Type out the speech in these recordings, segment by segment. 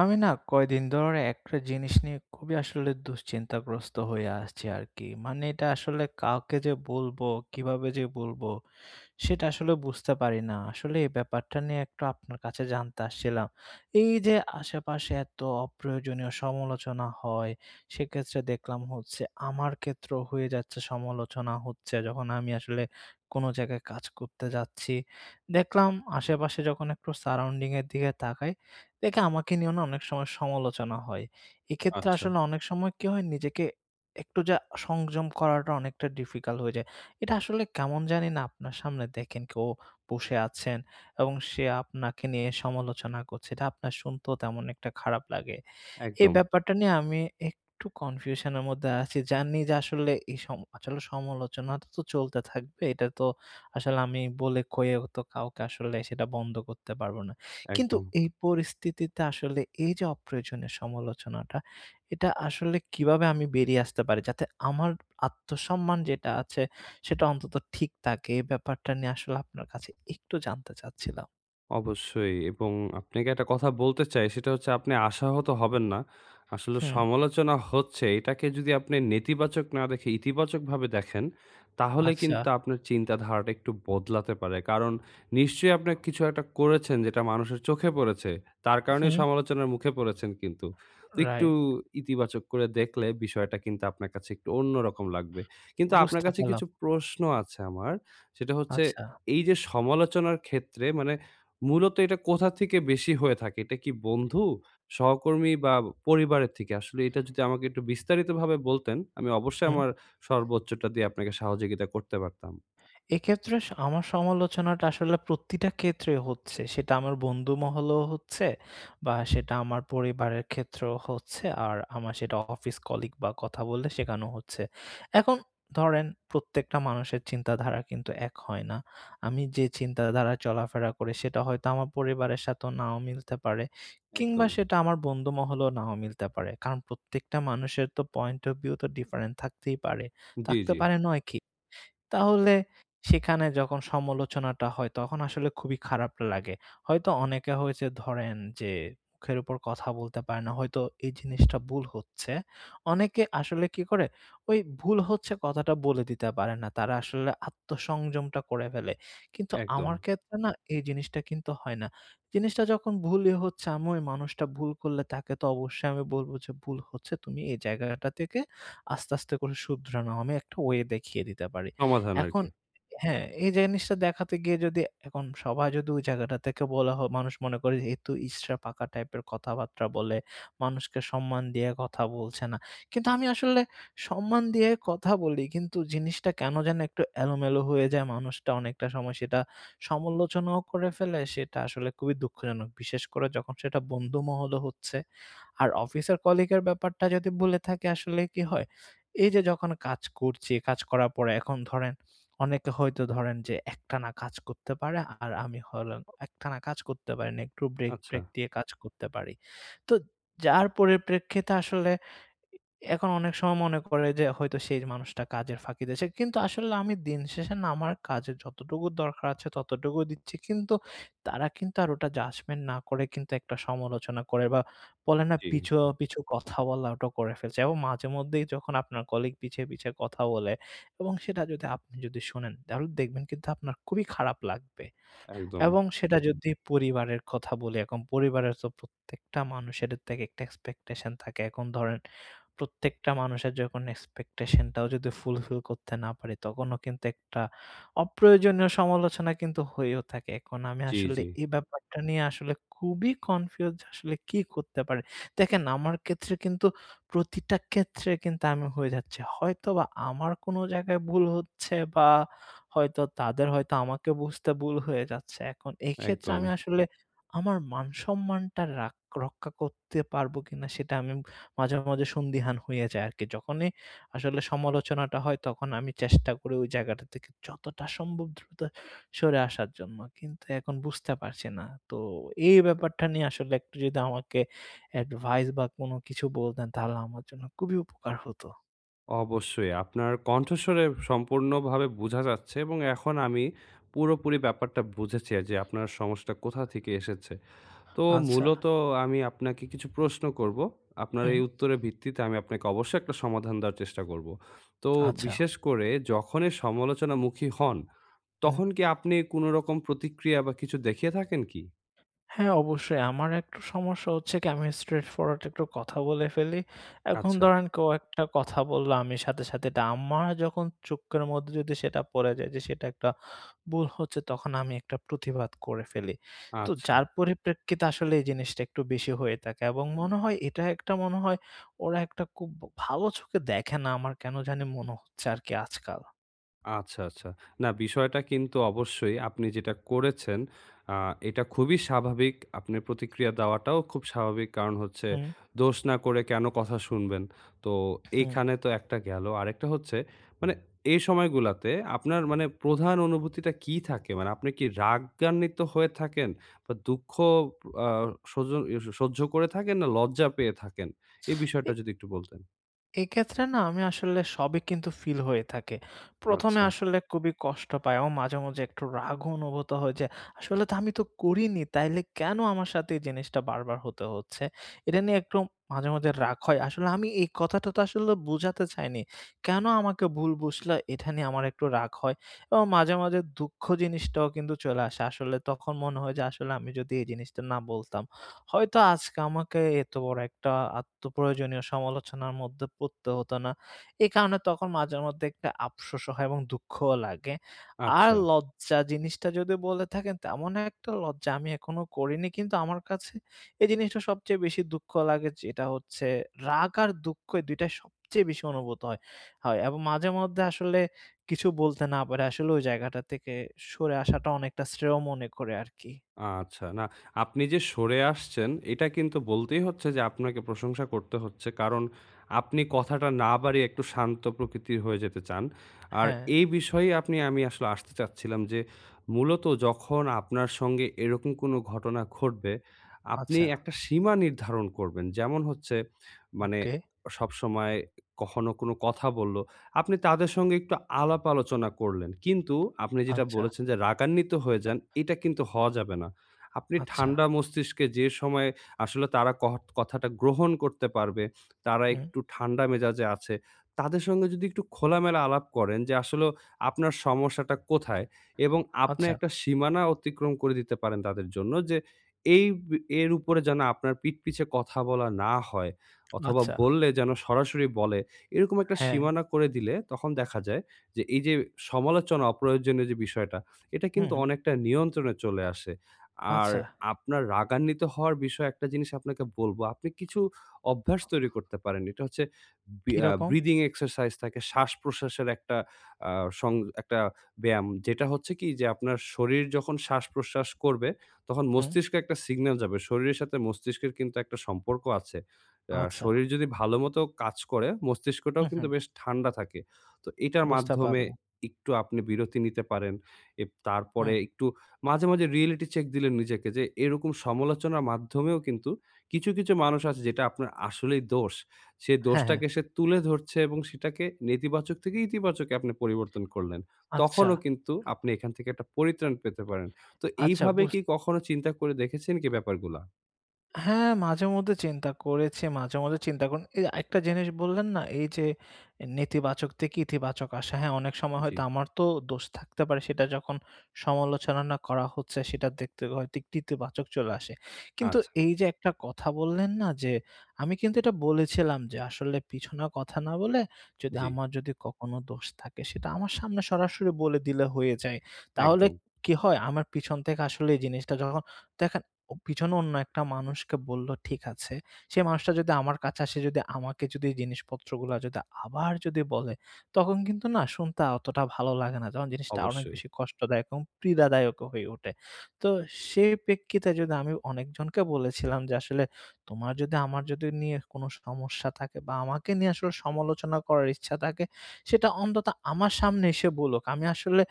আমি না কয়দিন ধরে একটা জিনিস নিয়ে খুবই আসলে দুশ্চিন্তাগ্রস্ত হয়ে আসছি আরকি। মানে এটা আসলে কাউকে যে বলব, কীভাবে যে বলব সেটা আসলে বুঝতে পারি না। আসলে এই ব্যাপারটা নিয়ে একটু আপনার কাছে জানতে আসছিলাম। এইযে আশেপাশে এত অপ্রয়োজনীয় সমালোচনা হয়। সেক্ষেত্রে দেখলাম হচ্ছে আমার ক্ষেত্রেও হয়ে যাচ্ছে সমালোচনা হচ্ছে যখন আমি আসলে কোনো জায়গায় কাজ করতে যাচ্ছি। দেখলাম আশেপাশে যখন একটু সারাউন্ডিং এর দিকে তাকাই। দেখি আমাকে নিয়েও অনেক সময় সমালোচনা হয়। এক্ষেত্রে আচ্ছা। আসলে অনেক সময় কি হয় নিজেকে একটু যা সংযম করাটা অনেকটা ডিফিকাল্ট হয়ে যায়। এটা আসলে কেমন জানি না আপনার সামনে দেখেন কেউ বসে আছেন এবং সে আপনাকে নিয়ে সমালোচনা করছে। এটা আপনার শুনতেও তেমন একটা খারাপ লাগে। এই একদম। ব্যাপারটা নিয়ে আমি একটু কনফিউশন এর মধ্যে আছি। জানি যে আসলে এ সম আসলে সমালোচনাটা তো চলতে থাকবে। এটা তো আসলে আমি বলে কয়ে তো কাউকে আসলে সেটা বন্ধ করতে পারব না। কিন্তু একদম। এই পরিস্থিতিতে আসলে এই যে অপ্রয়োজনীয় সমালোচনাটা, এটা আসলে কিভাবে আমি বেরিয়ে আসতে পারি যাতে আমার আত্মসম্মান যেটা আছে সেটা অন্তত ঠিক থাকে। এই ব্যাপারটা নিয়ে আসলে আপনার কাছে একটু জানতে চাচ্ছিলাম। অবশ্যই এবং আপনাকে একটা কথা বলতে চাই সেটা হচ্ছে আপনি আশাহত হবেন না। আসলে হুম। সমালোচনা হচ্ছে এটাকে যদি আপনি নেতিবাচক না দেখে ইতিবাচকভাবে দেখেন। তাহলে আচ্ছা। কিন্তু আপনার চিন্তাধারাটা একটু বদলাতে পারে। কারণ নিশ্চয়ই আপনি কিছু একটা করেছেন যেটা মানুষের চোখে পড়েছে। তার কারণেই হুম। সমালোচনার মুখে পড়েছেন কিন্তু। তো একটু রাইট। ইতিবাচক করে দেখলে বিষয়টা কিন্তু আপনার কাছে একটু অন্যরকম লাগবে। কিন্তু আপনার বুঝতে কাছে পারলাম। কিছু প্রশ্ন আছে আমার সেটা হচ্ছে, আচ্ছা। এই যে সমালোচনার ক্ষেত্রে মানে, মূলত এটা কোথা থেকে বেশি হয়ে থাকে? এটা কি বন্ধু, সহকর্মী বা পরিবারের থেকে আসলে এটা যদি আমাকে একটু বিস্তারিতভাবে বলতেন? আমি অবশ্যই হুম। আমার সর্বোচ্চটা দিয়ে আপনাকে সহযোগিতা করতে পারতাম। এক্ষেত্রে আমার সমালোচনাটা আসলে প্রতিটা ক্ষেত্রে হচ্ছে। সেটা আমার বন্ধুমহলেও হচ্ছে বা সেটা আমার পরিবারের ক্ষেত্রেও হচ্ছে আর আমার সেটা অফিস কলিগ বা কথা বললে শেখানো হচ্ছে। এখন ধরেন প্রত্যেকটা মানুষের চিন্তাধারা কিন্তু এক হয় না। আমি যে চিন্তাধারায় চলাফেরা করি সেটা হয়তো আমার পরিবারের সাথে নাও মিলতে পারে। কিংবা একদম। সেটা আমার বন্ধুমহলেও নাও মিলতে পারে। কারণ প্রত্যেকটা মানুষের তো পয়েন্ট ওফ ভিউ তো ডিফারেন্টস থাকতেই পারে। জ্বী, থাকতে জ্বী। পারে নয় কি? তাহলে সেখানে যখন সমালোচনাটা হয় তখন আসলে খুবই খারাপ লাগে। হয়তো অনেকে হয়েছে ধরেন যে মুখের উপর কথা বলতে পারে না। হয়তো এই জিনিসটা ভুল হচ্ছে। অনেকে আসলে কি করে, ওই ভুল হচ্ছে কথাটা বলে দিতে পারে না। তারা আসলে আত্মসংযমটা করে ফেলে। কিন্তু একদম। আমার ক্ষেত্রে না এই জিনিসটা কিন্তু হয় না। জিনিসটা যখন ভুলই হচ্ছে আমি ওই মানুষটা ভুল করলে তাকে তো অবশ্যই আমি বলব যে ভুল হচ্ছে তুমি এই জায়গাটা থেকে আস্তে, আস্তে, করে শুধরানো। আমি একটা ওয়ে দেখিয়ে দিতে পারি। সমাধান এখন আরকি। হ্যাঁ, এই জিনিসটা দেখাতে গিয়ে যদি এখন সবাই যদি ওই জায়গাটা থেকে বলা হয়, মানুষ মনে করে এতো ইঁচড়ে পাকা টাইপের কথাবার্তা বলে। মানুষকে সম্মান দিয়ে কথা বলছে না। কিন্তু আমি আসলে সম্মান দিয়ে কথা বলি কিন্তু জিনিসটা কেনো যেন একটু এলোমেলো হয়ে যায়। মানুষটা অনেকটা সময় সমালোচনাও করে ফেলে সেটা আসলে খুবই দুঃখজনক। বিশেষ করে যখন সেটা বন্ধুমহলও হচ্ছে। আর অফিসের কলিগের ব্যাপারটা যদি বলে থাকি আসলে কি হয়? এইযে যে যখন কাজ করছি, কাজ করার পরে এখন ধরেন অনেকে হয়তো ধরেন যে একটানা কাজ করতে পারে আর আমি একটানা কাজ করতে পারি না। একটু ব্রেক-প্রেক আচ্ছা। দিয়ে কাজ করতে পারি। তো যার পরিপ্রেক্ষিতে আসলে এখন অনেক সময় মনে করে যে হয়তো সেই মানুষটা কাজের ফাঁকি দিয়েছে। কিন্তু আসলে আমি দিনশেষে না আমার কাজের যতটুকু দরকার আছে ততটুকুই দিচ্ছি। কিন্তু তারা কিন্তু আর ওটা জাজমেন্ট না করে কিন্তু একটা সমালোচনা করে বা বলে না জ্বী, পিছু, জ্বী। পিছু, কথা বলাটা করে ফেলছে। এবং মাঝেমধ্যেই যখন আপনার কলিগ পিছে, পিছে, কথা বলে এবং সেটা যদি আপনি যদি শোনেন তাহলে দেখবেন কিন্তু আপনার খুবই খারাপ লাগবে। একদম। এবং সেটা যদি পরিবারের কথা বলি এখন পরিবারে তো প্রত্যেকটা মানুষের একটা এক্সপেকটেশন থাকে। এখন ধরেন প্রত্যেকটা মানুষের যখন এক্সপেকটেশন টাও যদি ফুলফিল করতে না পারি তখনও কিন্তু একটা অপ্রয়োজনীয় সমালোচনা কিন্তু হয়েও থাকে। এখন আমি জ্বি, আসলে জ্বি। এই ব্যাপারটা নিয়ে আসলে খুবই কনফিউজড আসলে কি করতে পারি? দেখেন আমার ক্ষেত্রে কিন্তু প্রতিটা ক্ষেত্রে কিন্তু আমি হয়ে যাচ্ছি। হয়তোবা আমার কোনো জায়গায় ভুল হচ্ছে বা হয়তো তাদের হয়তো আমাকে বুঝতে ভুল হয়ে যাচ্ছে। এখন এক্ষেত্রে আমি একদম। আসলে আমার মান সম্মানটা রাখ রক্ষা করতে পারবো কিনা সেটা আমি মাঝে, মাঝে, সন্দিহান হয়ে যায় আরকি। যখনই আসলে সমালোচনাটা হয় তখন আমি চেষ্টা করি ওই জায়গাটা থেকে যতটা সম্ভব দ্রুত সরে আসার জন্য। কিন্তু এখন বুঝতে পারছি না। তো এই ব্যাপারটা নিয়ে আসলে একটু যদি আমাকে অ্যাডভাইস বা কোনো কিছু বলতেন তাহলে আমার জন্য খুবই উপকার হত। অবশ্যই আপনার কণ্ঠস্বরে সম্পূর্ণভাবে বোঝা যাচ্ছে এবং এখন আমি পুরোপুরি ব্যাপারটা বুঝেছি অ্যা যে আপনার সমস্যাটা কোথা থেকে এসেছে। তো আচ্ছা। মূলত আমি আপনাক কিছু প্রশ্ন করব। আপনার এই উম। উত্তরের ভিত্তিতে আমি আপনাকে অবশ্যই একটা সমাধান দেওয়ার চেষ্টা করব। তো আচ্ছা। বিশেষ করে যখনই সমালোচনামুখি হন, উম। তখন কি আপনি কোনো রকম প্রতিক্রিয়া বা কিছু দেখিয়ে থাকেন কি? হ্যাঁ, অবশ্যই আমার একটা সমস্যা হচ্ছে কি আমি স্ট্রেইট ফরওয়ার্ট একটু কথা বলে ফেলি। এখন আচ্ছা। ধরেন কেউ একটা কথা বলল, আমি সাথে, সাথে এটা আমার যখন চোখের মধ্যে যদি সেটা পড়ে যায় যে সেটা একটা ভুল হচ্ছে, তখন আমি একটা প্রুতিবাদ করে ফেলি। তো আচ্ছা। যার পরিপ্রেক্ষিতে আসলে এই জিনিসটা একটু বেশি হয়ে থাকে এবং মনে হয় এটা একটা মনে হয় ওরা একটা খুব ভালো চোখে দেখে না আমার কেন জানি মনে হচ্ছে আরকি আজকাল। আচ্ছা, আচ্ছা। না বিষয়টা কিন্তু অবশ্যই আপনি যেটা করেছেন আ এটা খুবই স্বাভাবিক, আপনার প্রতিক্রিয়া দেওয়াটাও খুব স্বাভাবিক কারণ হচ্ছে, হুম। দোষ না করে কেন কথা শুনবেন? তো হুম। এখানে তো একটা গেলো। আরেকটা হচ্ছে মানে এ সময়গুলাতে আপনার মানে প্রধান অনুভূতিটা কি থাকে? মানে আপনি কি রাগান্বিত হয়ে থাকেন বা দুঃখ পো আ সজ স সহ্য করে থাকেন না লজ্জা পেয়ে থাকেন? এই বিষয়টা যদি একটু বলতেন। এক্ষেত্রে না আমি আসলে সবই কিন্তু ফিল হয়ে থাকে। ১ম এ আচ্ছা। আসলে খুবই কষ্ট পাই ও মাঝে, মাঝে একটু রাগ অনুভূত হয় যে, আসলে তো আমি তো করিনি, তাইলে কেনো আমার সাথে এই জিনিসটা বার, বার হতে হচ্ছে? এটা নিয়ে একটু মাঝে, মাঝে রাগ হয়। আসলে আমি এই কথাটা তো আসলে বুঝাতে চাইনি, কেনো আমাকে ভুল বুঝলে? এটা নিয়ে আমার একটু রাগ হয় এবং মাঝে, মাঝে দুঃখ জিনিসটাও কিন্তু চলে আসে আসলে তখন মনে হয় যে, আসলে আমি যদি এই জিনিসটা না বলতাম, হয়তো আজকে আমাকে এত বড় একটা আত্মপ্রয়োজনীয় সমালোচনার মধ্যে পড়তে হত না। এই কারণে তখন মাঝেমধ্যে একটা আফসোসও হয় এবং দুঃখও লাগে, আর আচ্ছা। লজ্জা জিনিসটা যদি বলে থাকেন তেমন একটা লজ্জা আমি এখনো করিনি। কিন্তু আমার কাছে এই জিনিসটা সবচেয়ে বেশি দুঃখ লাগে. যেটা হচ্ছে রাগ আর দুঃখ এই ২ টাই সবচেয়ে বেশি অনুভূত হয়, হয়। এবং মাঝে মধ্যে আসলে কিছু বলতে না পেরে আসলে ওই জায়গাটা থেকে সরে আসাটা অনেকটা শ্রেয় মনে করে আরকি। আচ্ছা, না আপনি যে সরে আসছেন, এটা কিন্তু বলতেই হচ্ছে যে আপনাকে প্রশংসা করতে হচ্ছে, কারণ আপনি কথাটা না বাড়িয়ে একটু শান্ত প্রকৃতির হয়ে যেতে চান। আর হ্যাঁ। এই বিষয়ে আপনি আমি আসলে আসতে চাচ্ছিলাম যে, মূলত যখন আপনার সঙ্গে এরকম কোনো ঘটনা ঘটবে, আপনি আচ্ছা। একটা সীমা নির্ধারণ করবেন। যেমন হচ্ছে মানে ওকে। সবসময় কখনো কোনো কথা বললো, আপনি তাদের সঙ্গে একটু আলাপ আলোচনা করলেন। কিন্তু আপনি যেটা আচ্ছা। বলেছেন যে রাগান্বিত হয়ে যান, এটা কিন্তু হওয়া যাবে না। আপনি আচ্ছা। ঠান্ডা মস্তিষ্কে যে সময়ে আসলে তারা কহট কথাটা গ্রহণ করতে পারবে, তারা উম। একটু ঠান্ডা মেজাজে আছে, তাদের সঙ্গে যদি একটু খোলামেলা আলাপ করেন যে, আসলেও আপনার সমস্যাটা কোথায়? এবং আপনি আচ্ছা। একটা সীমানা অতিক্রম করে দিতে পারেন তাদের জন্য যে, এই ব এর উপরে যেন আপনার পিঠ পিছে কথা বলা না হয়, অথবা আচ্ছা। বললে যেন সরাসরি বলে। এরকম একটা হ্যাঁ। সীমানা করে দিলে তখন দেখা যায় যে এইযে সমালোচনা অপ্রয়োজনীয় যে বিষয়টা, এটা হুম, কিন্তু হু। অনেকটা নিয়ন্ত্রণে চলে আসে। আর আচ্ছা। আপনার রাগান্বিত হওয়ার বিষয়ে একটা জিনিস আপনাকে বলবো, আপনি কিছু অভ্যাস তৈরি করতে পারেন। এটা হচ্ছে বি কি ইয়া রকম? ব্রিদিং এক্সারসাইজ থাকে, শ্বাসপ্রশ্বাসের একটা আ সং একটা ব্যায়াম। যেটা হচ্ছে কি যে আপনার শরীর যখন শ্বাসপ্রশ্বাস করবে, তখন হুম। মস্তিষ্কে একটা সিগনাল যাবে, শরীরের সাথে মস্তিষ্কের কিন্তু একটা সম্পর্ক আছে, আ আচ্ছা। শরীর যদি ভাল মতো কাজ করে, মস্তিষ্কটাও হুম, হু। কিন্তু বেশ ঠান্ডা থাকে। তো এটার বুঝতে মাধ্যমে পারলাম। একটু আপনি বিরতি নিতে পারেন। এব তারপরে হুম। একটু মাঝে, মাঝে রিয়েলিটি চেক দিলেন নিজেকে যে, এরকম সমালোচনার মাধ্যমেও কিন্তু কিছু, কিছু মানুষ আছে যেটা আপনার আসলেই দোষ, সে হ্যাঁ, হ্যাঁ। দোষটাকে সে তুলে ধরছে এবং সেটাকে নেতিবাচক থেকে ইতিবাচকে আপনি পরিবর্তন করলেন, আচ্ছা। তখনও কিন্তু আপনি এখান থেকে একটা পরিত্রাণ পেতে পারেন। তো আচ্ছা, এইভাবে বুঝ কি কখনো চিন্তা করে দেখেছেন কি ব্যাপারগুলা? হ্যাঁ, মাঝে-মধ্যে চিন্তা করেছি, মাঝে, মাঝে চিন্তা করুন। এই এ আরেকটা জিনিস বললেন না? এই যে এ নেতিবাচক থেকে ইতিবাচক আশা। হ্যাঁ, অনেক সময় হয়তো জী। আমার তো দোষ থাকতে পারে। সেটা যখন সমালোচনা না করা হচ্ছে সেটা দেখতে হয়তো ইতিবাচক চলে আসে। কিন্তু আচ্ছা। এই যে একটা কথা বললেন না যে, আমি কিন্তু এটা বলেছিলাম যে "আসলে পিছনে কথা না বলে যদি জী। আমার যদি কখনো দোষ থাকে, সেটা আমার সামনে সরাসরি বলে দিলে হয়ে যায়।" তাহলে একদম। কি হয়? আমার পিছন থেকে আসলে এই জিনিসটা যখ দেখেন ও পেছনে অন্য একটা মানুষকে বলল ঠিক আছে। সে মানুষটা যদি আমার কাছে আসে, যদি আমাকে যদি জিনিসপত্রগুলো যদি আবার যদি বলে, তখন কিন্তু না শুনতে আ অতটাও ভালো লাগে না ।যখন জিনিসটা অনেক অবশ্যই। বেশি কষ্টদায়ক এবং পীড়াদায়কও হয়ে উঠে। তো সেই প্রেক্ষিতে যদি আমি অনেকজনকে বলেছিলাম যে আসলে "তোমার যদি আমার যদি নিয়ে কোনো সমস্যা থাকে বা আমাকে নিয়ে আসলে সমালোচনা করার ইচ্ছা থাকে, সেটা অন্তত আমার সামনে এসে বলুক।" আমি আসলে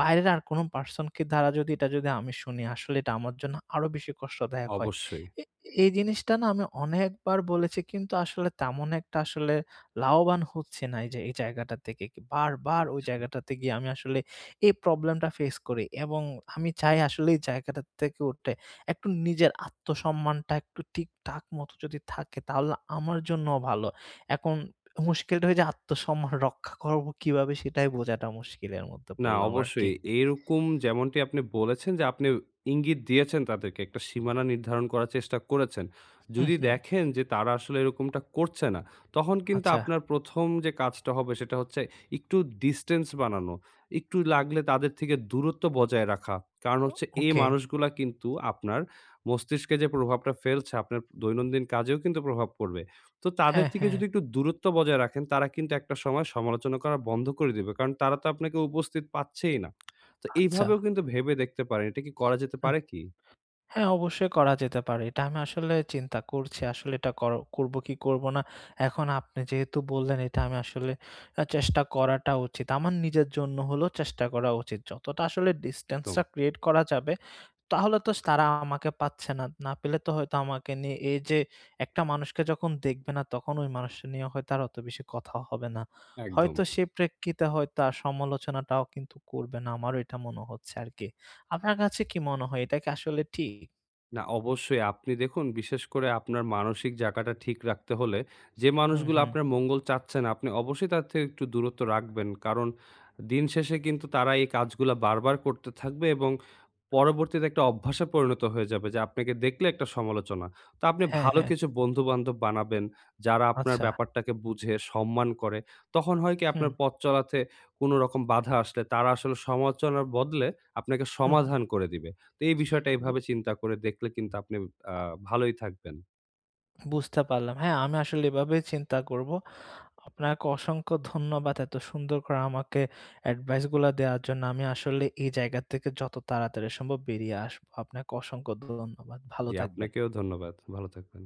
বাইরের আর কোনো person কে দ্বারা যদি এটা যদি আমি শুনি, আসলে এটা আমার জন্য আরও বেশি কষ্টদায়ক হয়। অবশ্যই। এ এই জিনিসটা না আমি অনেকবার বলেছি, কিন্তু আসলে তেমন একটা আসলে লাভবান হচ্ছি না, এই যে এই জায়গাটা থেকে। কি বারবার ওই আচ্ছা। জায়গাটাতে গিয়ে আমি আসলে এই problem-টা ফেস করি। এবং আমি চাই আসলে এই জায়গাটা থেকে উঠে, একটু নিজের আত্মসম্মানটা একটু ঠিকঠাক মতো যদি থাকে, তাহলে আমার জন্যও ভালো। এখন মুশকিলটা হয় যে আত্মসম্মান রক্ষা করব কীভাবে সেটাই বোঝাটা মুশকিলের মধ্যে না, পড়লাম আরকি। অবশ্যই। এইরকম যেমনটি আপনি বলেছেন যে আপনি ইঙ্গিত দিয়েছেন তাদেরকে, একটা সীমানা নির্ধারণ করার চেষ্টা করেছেন। হু, যদি হু। দেখেন যে তারা আসলে এরকমটা করছে না, তখন কিন্তু আচ্ছা। আপনার প্রথম যে কাজটা হবে সেটা হচ্ছে একটু distance বানানো। একটু লাগলে তাদের থেকে দূরত্ব বজায় রাখা। কারণ হচ্ছে এই okay। মানুষগুলা কিন্তু আপনার মস্তিষ্কে যে প্রভাবটা ফেলছে, আপনার দৈনন্দিন কাজেও কিন্তু প্রভাব পড়বে। তো তাদের হ্যাঁ, থেকে হ্যাঁ। যদি একটু দূরত্ব বজায় রাখেন, তারা কিন্তু একটা সময় সমালোচনা করা বন্ধ করে দিবে। কারণ তারা তো আপনাকে উপস্থিত পাচ্ছেই না। তো আচ্ছা। এইভাবেও কিন্তু ভেবে দেখতে পারেন। এটা কি হু। করা যেতে হ্যাঁ। পারে কি? হ্যাঁ অবশ্যই করা যেতে পারে এটা। আমি আসলে চিন্তা করছি, আসলে এটা কর করব কি করব না। এখন আপনি যেহেতু বললেন এটা আমি আসলে অ্যা চেষ্টা করাটা উচিত। আমার নিজের জন্য হলেও চেষ্টা করা উচিত। যতটা আসলে distance একদম। টা create করা যাবে, তাহলে তো তারা আমাকে পাচ্ছে না। না পেলে তো হয়তো আমাকে নিয়ে এই যে একটা মানুষকে যখন দেখবে না তখন ওই মানুষটা নিয়ে হয়তো আর অত বেশি কথা হবে না। একদম। হয়তো সে প্রেক্ষিতে হয়তো আর সমালোচনাটাও কিন্তু করবে না, আমারও এটা মনে হচ্ছে আরকি। আপনার কাছে কি মনে হয়? এটা কি আসলে ঠিক? না, অবশ্যই। আপনি দেখুন বিশেষ করে আপনার মানসিক জায়গাটা ঠিক রাখতে হলে যে হু, মানুষগুলো হু। আপনার মঙ্গল চাচ্ছে না আপনি অবশ্যই তাদের থেকে একটু দূরত্ব রাখবেন। কারণ দিন শেষে কিন্তু তারা এই কাজগুলা বারবার করতে থাকবে এবং পরবর্তীতে একটা অভ্যাসে পরিণত হয়ে যাবে, যে আপনাকে দেখলে একটা সমালোচনা। তো আপনি হ্যাঁ, ভালো হ্যাঁ। কিছু বন্ধু-বান্ধব বানাবেন, যারা আপনার আচ্ছা। ব্যাপারটাকে বুঝে, সম্মান করে। তখন হয় কি? হুম। আপনার পথ চলাতে কোন রকম বাধা আসলে তারা আসলে সমালোচনার বদলে আপনাকে হু, হু। সমাধান করে দিবে। তো এই বিষয়টা বু এভাবে চিন্তা করে দেখলে কিন্তু আপনি আ ভালোই থাকবেন। বুঝতে পারলাম। হ্যাঁ, আমি আসলে এভাবেই চিন্তা করব। আপনাকে অসংখ্য ধন্যবাদ এত সুন্দর করে আমাকে advice গুলা দেয়ার জন্য। আমি আসলে এই জায়গার থেকে যত তাড়াতাড়ি সম্ভব বেরিয়ে আসবো। আপনাকে অসংখ্য ধন্যবাদ। ভালো জী, থাকবেন। আপনাকেও ধন্যবাদ। ভালো থাকবেন।